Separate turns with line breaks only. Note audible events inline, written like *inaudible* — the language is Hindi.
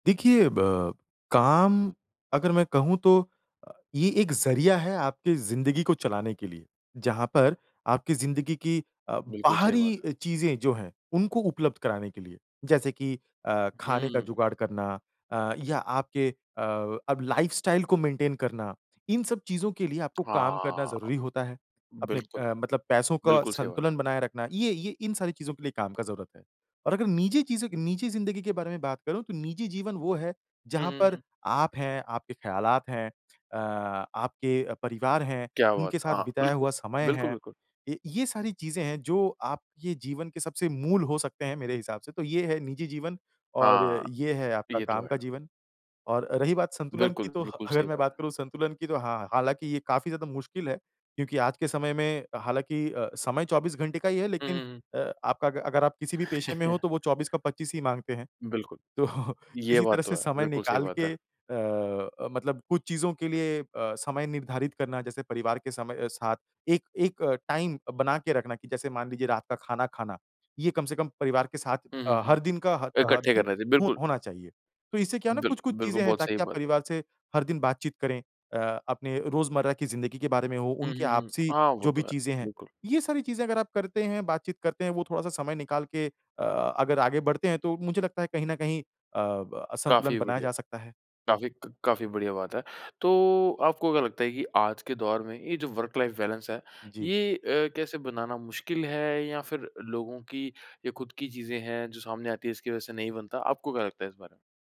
देखिए ब काम अगर मैं कहूँ तो ये एक ज़रिया है आपकी ज़िंदगी को चलाने के लिए, जहाँ पर आपकी ज़िंदगी की अ,
बिल्कुल सही बात है।
बाहरी चीज़ें अ, जो हैं उनको उपलब्ध कराने के लिए। जैसे कि अ,
हुँ,
खाने का
हुँ।
जुगाड़ करना अ, या आपके अ, अब लाइफ़स्टाइल को मेंटेन करना। इन सब चीज़ों के लिए आपको काम करना
हाँ।
ज़रूरी होता है। अपने
बिल्कुल।
अ, मतलब पैसों का
बिल्कुल, सही बात।
संतुलन बनाए रखना ये ये इन सारी चीज़ों के लिए काम का ज़रूरत है। और अगर निजी चीज़ों की निजी ज़िंदगी के बारे में बात करूँ तो निजी जीवन वो है
हुँ,
जहाँ
हुँ,
पर
हुँ।
आप हैं, आपके ख़्यालात हैं, अ, आपके अ, परिवार है,
क्या बात
उनके साथ
है! हाँ,
बिताया
बिल्कुल।
हुआ समय
बिल्कुल,
है।
बिल्कुल।
य ये सारी चीज़ें हैं जो आपके जीवन के सबसे मूल हो सकते हैं मेरे हिसाब से तो ये है निजी जीवन और
हाँ।
ये है आपका
ये तो
काम
है।
का जीवन। और रही बात संतुलन की
बिल्कुल।
तो ह
बिल्कुल,
अगर
सही
मैं
बात
बात
है।
करूँ संतुलन की तो हाँ। हालाँकि ये काफ़ी ज़्यादा मुश्किल है। क्योंकि आज के समय में हालाँकि अ, समय 24 घंटे का ही है
हुँ,
लेकिन
हुँ, हुँ।
अ, आपका अ, अगर आप किसी भी पेशे में हो
*chuckles*
तो वो 24 का 25 ही माँगते हैं।
बिल्कुल।
तो
ये
किसी तरह
बात तो
से
है।
समय
बिल्कुल सही
निकाल
बात है।
के अ, मतलब कुछ चीज़ों के लिए अ, समय निर्धारित करना जैसे परिवार के समय साथ एक एक टाइम बना के रखना कि जैसे मान लीजिए रात का खाना खाना। ये कम से कम परिवार के साथ
हुँ, हुँ,
अ,
हुँ।
हर दिन का ह ह हर
इकट्ठे
दिन
कर रहे थे,
ह
बिल्कुल।
होना चाहिए। तो इससे क्या है ना
बिल
कुछ-कुछ
बिल्कुल,
चीज़ें हैं
बहुत सही
ताकि आप
बात।
परिवार से हर दिन बातचीत करें। अ, अपने रोज़मर्रा की ज़िंदगी के बारे में हो,
हुँ,
उनके
हुँ, हुँ।
आपसी
हाँ, वो
जो भी
तो है।
चीज़ें हैं।
बिल्कुल।
ये सारी चीज़ें अगर आप करते हैं, बातचीत करते हैं वो थोड़ा-सा समय निकाल के अ, अगर आगे बढ़ते हैं तो मुझे लगता है कहीं न कहीं अ, ब संतुलन
काफ़ी
बनाया
बढ़िया।
जा सकता है।
काफ़ी क काफ़ी बढ़िया बात है। तो आपको क्या लगता है कि आज के दौर में ये जो वर्क लाइफ़ बैलेंस है,
जी।
ये अ, कैसे बनाना मुश्किल है या फिर लोगों की ये खुद की चीज़ें हैं जो सामने आती हैं इसकी वज़ह से नहीं बनता। आपको क्या लगता है इस बारे में?